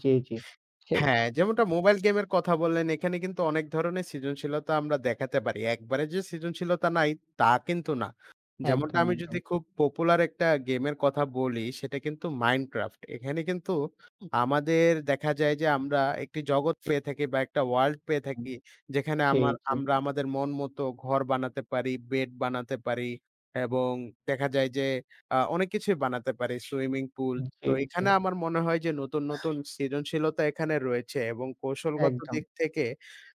জী, জী। ছে। হ্যাঁ, যেমনটা মোবাইল গেমের কথা বললেন, এখানে কিন্তু অনেক ধরণের সৃজনশীলতা আমরা দেখাতে পারি। একবারে যে সৃজনশীলতা নাই, তা কিন্তু না। যেমনটা একদম, আমি একদম। যদি খুব পপুলার একটা গেমের কথা বলি সেটা কিন্তু 'Minecraft' এখানে কিন্তু আমাদের দেখা যায় যে আমরা একটি জগৎ পেয়ে থাকি বা একটা ওয়ার্লড পেয়ে উম, থাকি যেখানে জী, আমার জী। আমরা আমাদের মন মতো ঘর বানাতে পারি, বেড বানাতে পারি এবং দেখা যায় যে আ অনেক কিছুই বানাতে পারি। Swimming pool. তো জী, জী। এখানে আমার মনে হয় যে নতুন, নতুন সৃজনশীলতা এখানে রয়েছে এবং কৌশলগত দিক একদম। থেকে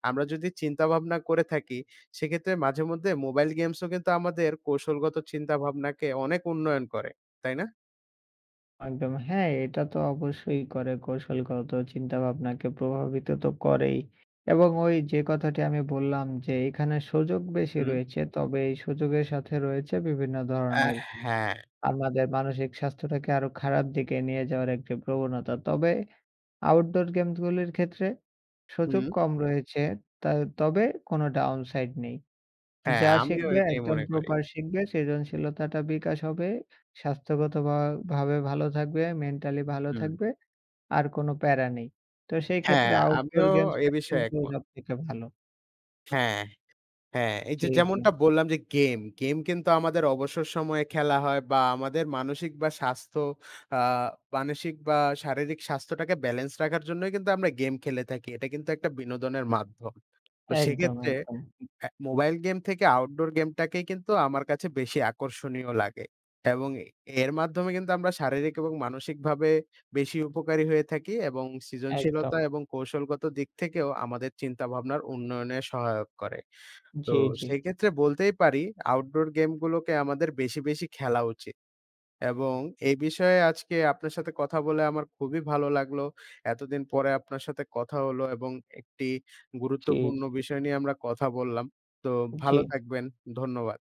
আমরা যদি চিন্তা ভাবনা করে থাকি সেক্ষেত্রে মাঝেমধ্যে মোবাইল গেমস ও কিন্তু আমাদের কৌশলগত চিন্তাভাবনাকে অনেক উন্নয়ন করে। তাই না? একদম হ্যাঁ, এটা তো অবশ্যই করে কৌশলগত চিন্তাভাবনাকে প্রভাবিত তো করেই। এবং ওই যে কথাটি আমি বললাম যে এখানে সুযোগ বেশি হুম। রয়েছে। তবে এই সুযোগের সাথে রয়েছে বিভিন্ন হ্যাঁ, ধরনের হ্যাঁ। আমাদের মানসিক স্বাস্থ্যটাকে আরো খারাপ দিকে নিয়ে যাওয়ার একটি প্রবণতা। তবে আউটডোর গেমসগুলির ক্ষেত্রে সুযোগ হু। কম রয়েছে। ত তবে কোন downside নেই। হ্যাঁ, যা আমিও শিখবে এটাই একদম মনে করি। প্রপার শিখবে, সৃজনশীলতাটা বিকাশ হবে। স্বাস্থ্যগত ভা ভাবে ভালো থাকবে, মেন্টালি ভালো হুম। থাকবে। আর কোন প্যারা নেই। তো সেই হ্যাঁ, ক্ষেত্রে আউটডোর আমিও এ গেমসটা বিষয়ে কিন্তু একমত। সবথেকে ভালো। হ্যাঁ, হ্যাঁ এই জী, যে জী। যেমনটা বললাম যে গেম, গেম কিন্তু আমাদের অবসর সময়ে খেলা হয় বা আমাদের মানসিক বা স্বাস্থ্য আ মানসিক বা শারীরিক স্বাস্থ্যটাকে ব্যালেন্স রাখার জন্যই কিন্তু আমরা গেম খেলে থাকি। এটা কিন্তু একটা বিনোদনের মাধ্যম। তো একদম, সেক্ষেত্রে একদম। আ মোবাইল গেম থেকে আউটডোর গেমটাকেই কিন্তু আমার কাছে বেশি আকর্ষণীয় লাগে। এবং এর মাধ্যমে কিন্তু আমরা শারীরিক এবং মানসিকভাবে বেশি উপকারী হয়ে থাকি এবং একদম। সৃজনশীলতা এবং কৌশলগত দিক থেকেও আমাদের চিন্তাভাবনার উন্নয়নে সহায়ক করে। তো জী, জী। সেক্ষেত্রে বলতেই পারি আউটডোর গেমগুলোকে আমাদের বেশি, বেশি খেলা উচিত। এবং এই বিষয়ে আজকে আপনার সাথে কথা বলে আমার খুবই ভালো লাগলো। এতদিন পরে আপনার সাথে কথা হলো এবং একটি ঠিক। গুরুত্বপূর্ণ বিষয় নিয়ে আমরা কথা বললাম। তো ভালো জী। থাকবেন। ধন্যবাদ।